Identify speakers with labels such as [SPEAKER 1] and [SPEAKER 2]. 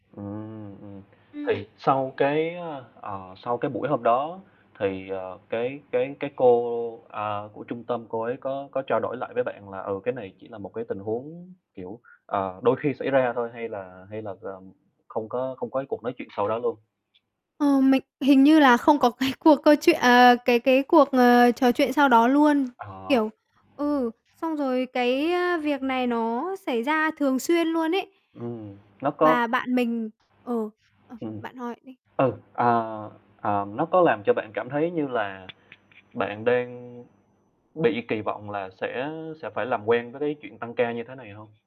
[SPEAKER 1] Ừm, ừm. Thì
[SPEAKER 2] Ừm,
[SPEAKER 1] sau
[SPEAKER 2] đấy.
[SPEAKER 1] cái, ơ, ờ, sau cái buổi hôm đó thì, ờ, cái cái cái cô, ờ, của trung tâm, cô ấy có có trao đổi lại với bạn là, ừ, cái này chỉ là một cái tình huống, kiểu, ờ, đôi khi xảy ra thôi hay là hay là gồm không có không có cái cuộc nói chuyện sau đó luôn.
[SPEAKER 2] Ờ, mình hình như là không có cái cuộc câu chuyện à, cái cái cuộc, à, trò chuyện sau đó luôn.
[SPEAKER 1] Ờ.
[SPEAKER 2] Kiểu ừ, xong rồi cái, ơ, việc này nó xảy ra thường xuyên luôn ấy.
[SPEAKER 1] Ừm, nó có
[SPEAKER 2] Và bạn mình ừ, ờ,
[SPEAKER 1] Ừm.
[SPEAKER 2] bạn hỏi đi.
[SPEAKER 1] Ừ, à, à, nó có làm cho bạn cảm thấy như là bạn đang bị kỳ vọng là sẽ sẽ phải làm quen với cái chuyện tăng ca như thế này hông?